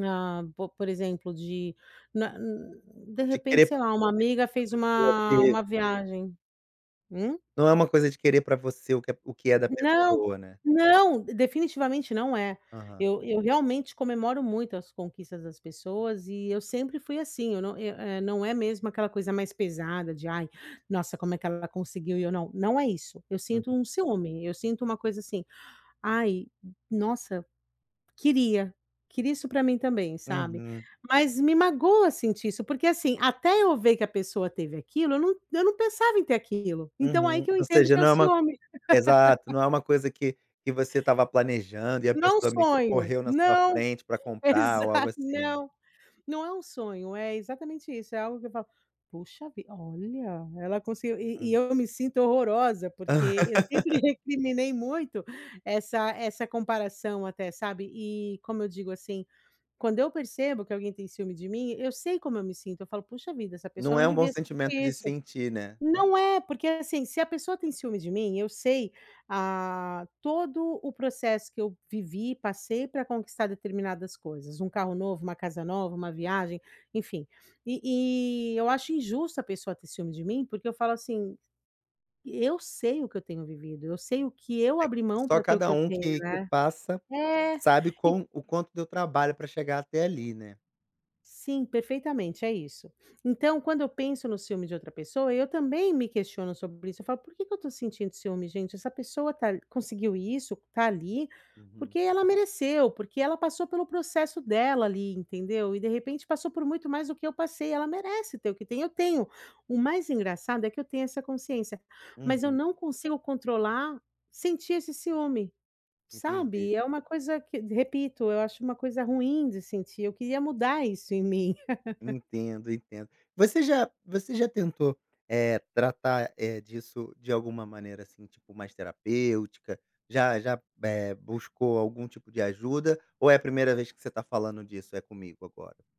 Ah, po por exemplo de, na hum, de De repente, querer sei para lá, uma você amiga o fez que pessoa uma uma teve. viagem. Hum? Não é uma coisa de querer para você o que é o que é da Não, pessoa, né. não, definitivamente não é, Aham. eu eu realmente comemoro muito as conquistas das pessoas e eu sempre fui assim, eu não eu eh, não é mesmo aquela coisa mais pesada de: "Ai, nossa, como é que ela conseguiu e eu não", não é isso, eu sinto Uhum. um ciúme, eu sinto uma coisa assim: "Ai, nossa, queria, queria isso para mim também, sabe", Uhum. mas me magoa sentir isso, porque assim, até eu ver que a pessoa teve aquilo eu não eu não pensava em ter aquilo, então aí Uhum. que eu Ou entendo seja, que é o não é uma ciúme. exato, não é uma coisa que que você estava planejando e a Não pessoa me sonho, correu na sua não. frente para comprar Exa ou algo assim. não. Não é um sonho, é exatamente isso, é algo que eu falo: "Poxa vi olha, ela conseguiu", e e Hum. eu me sinto horrorosa, porque eu sempre recriminei muito essa essa comparação até, sabe, e como eu digo assim, quando eu percebo que alguém tem ciúme de mim, eu sei como eu me sinto, eu falo: "Poxa vida, essa pessoa Não não é um bom devia sentimento sentir de isso". sentir, né. Não é, porque assim, se a pessoa tem ciúme de mim, eu sei, ah, todo o processo que eu vivi, passei, para conquistar determinadas coisas, um carro novo, uma casa nova, uma viagem, enfim, e e eu acho injusto a pessoa ter ciúme de mim, porque eu falo assim: "Eu sei o que eu tenho vivido, eu sei o que eu É, abri mão só para ter o cada que eu um tenho, que que né". passa É, sabe e com o quão o quanto deu trabalho para chegar até ali, né. Sim, perfeitamente, é isso. Então quando eu penso no ciúme de outra pessoa, eu também me questiono sobre isso, eu falo: "Por que que eu estou sentindo ciúme gente? Essa pessoa tá a conseguiu isso, está ali, Uhum. porque ela mereceu, porque ela passou pelo processo dela, ali, entendeu, e de repente passou por muito mais do que eu passei, ela merece ter o que tem", eu tenho o mais engraçado é que eu tenho essa consciência, mas eu Uhum. não consigo controlar sentir esse ciúme, sabe, Entendi. e é uma coisa que repito, eu acho uma coisa ruim de sentir, eu queria mudar isso em mim. Entendo, entendo. Você já você já tentou, eh, tratar, eh, disso de alguma maneira, assim, tipo, mais terapêutica, já já, eh, buscou algum tipo de ajuda, ou é a primeira vez que você está falando disso é comigo agora?